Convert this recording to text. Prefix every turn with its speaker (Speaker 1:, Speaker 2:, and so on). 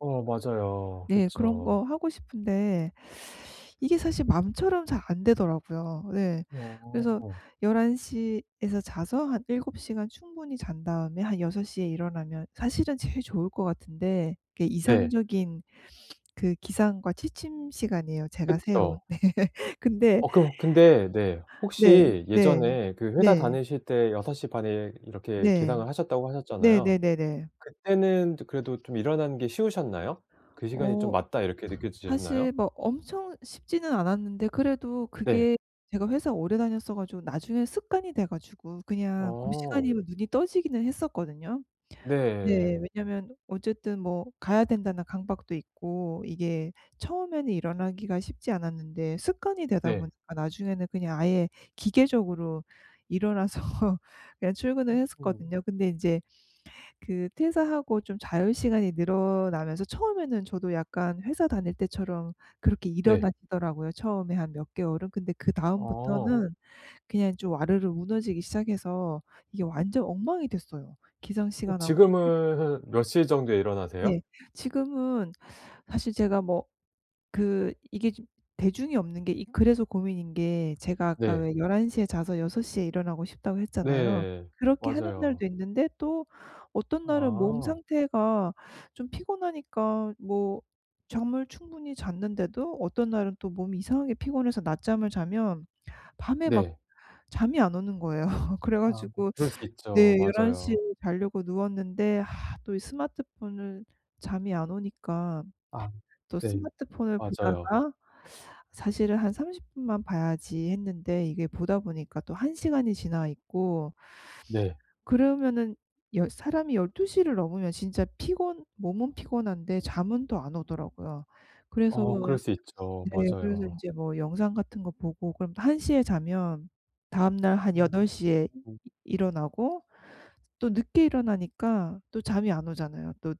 Speaker 1: 어 맞아요.
Speaker 2: 네. 그런 거
Speaker 1: 그쵸.
Speaker 2: 하고 싶은데 이게 사실 마음처럼 잘 안 되더라고요. 예. 그래서
Speaker 1: 어.
Speaker 2: 11:00 에서 자서 한 7 시간 충분히 잔 다음에 한 6:00 에 일어나면 사실은 제일 좋을 것 같은데 그게
Speaker 1: 네.
Speaker 2: 이상적인 그 기상과 취침 시간이에요 제가 세운.
Speaker 1: 그쵸.
Speaker 2: 근데
Speaker 1: 어 그럼 근데 네
Speaker 2: 네.
Speaker 1: 혹시
Speaker 2: 네.
Speaker 1: 예전에 그 회사
Speaker 2: 네.
Speaker 1: 다니실 때 6:30 에 이렇게
Speaker 2: 네.
Speaker 1: 기상을 하셨다고 하셨잖아요.
Speaker 2: 네네네네.
Speaker 1: 그때는 그래도 좀 일어나는 게 쉬우셨나요? 그 시간이 좀
Speaker 2: 어.
Speaker 1: '맞다.' 이렇게 느껴지셨나요?
Speaker 2: 사실 막 엄청 쉽지는 않았는데 그래도
Speaker 1: 네.
Speaker 2: 그게 제가 회사 오래 다녔어 가지고 나중에 습관이 돼 가지고 그냥 고
Speaker 1: 어.
Speaker 2: 시간이면 눈이 떠지기는 했었거든요. 네.
Speaker 1: 네.
Speaker 2: 왜냐면 어쨌든 뭐 '가야 된다.'는 강박도 있고 이게 처음에는 일어나기가 쉽지 않았는데 습관이 되다
Speaker 1: 네.
Speaker 2: 보니까 나중에는 그냥 아예 기계적으로 일어나서 그냥 출근을
Speaker 1: 음.
Speaker 2: 했었거든요. 근데 인제 그 퇴사하고 좀 자유시간이 늘어나면서 처음에는 저도 약간 회사 다닐 때처럼 그렇게
Speaker 1: 네.
Speaker 2: 일어나지더라고요 처음에 한 몇 개월은. 근데
Speaker 1: 어.
Speaker 2: 그다음부터는 그냥 좀 와르르 무너지기 시작해서 이게 완전 엉망이 됐어요 기상
Speaker 1: 어
Speaker 2: 시간하고 취침 시간이.
Speaker 1: 지금은 몇 시 정도에 일어나세요?
Speaker 2: 예. 지금은 사실 제가 뭐 그 이게 대중이 없는 게 그래서 고민인 게 제가 아까
Speaker 1: 네.
Speaker 2: 왜 "11:00 에 자서 6:00 에 일어나고 싶다."고 했잖아요.
Speaker 1: 네.
Speaker 2: 그렇게 하는
Speaker 1: 맞아요.
Speaker 2: 날도 있는데 또 어떤 날은 몸
Speaker 1: 아.
Speaker 2: 상태가 좀 피곤하니까 뭐 잠을 충분히 잤는데도 어떤 날은 또 몸이 이상하게 피곤해서 낮잠을 자면 밤에 막
Speaker 1: 네.
Speaker 2: 잠이 안 오는 거예요. 그래
Speaker 1: 아
Speaker 2: 가지고
Speaker 1: 그럴 수 있죠.
Speaker 2: 네. 11:00 에
Speaker 1: 맞아요.
Speaker 2: 자려고 누웠는데 아 또 스마트폰을 잠이 안 오니까
Speaker 1: 아.
Speaker 2: 또
Speaker 1: 네.
Speaker 2: 스마트폰을
Speaker 1: 맞아요.
Speaker 2: 보다가 사실은 '한 30 분만 봐야지.' 했는데 이게 보다 보니까 또 1 시간이 지나 있고
Speaker 1: 네.
Speaker 2: 그러면은 여 사람이 12:00를 넘으면 진짜 피곤 몸은 피곤한데 잠은 또 안 오더라고요. 그래서
Speaker 1: 어 그럴 수 있죠.
Speaker 2: 네. 그래서
Speaker 1: 맞아요.
Speaker 2: 인제 뭐 영상 같은 거 보고 그럼 1 시에 자면 다음날 한
Speaker 1: 음.
Speaker 2: 8:00 에
Speaker 1: 음.
Speaker 2: 이 일어나고 또 늦게 일어나니까 또 잠이 안 오잖아요 또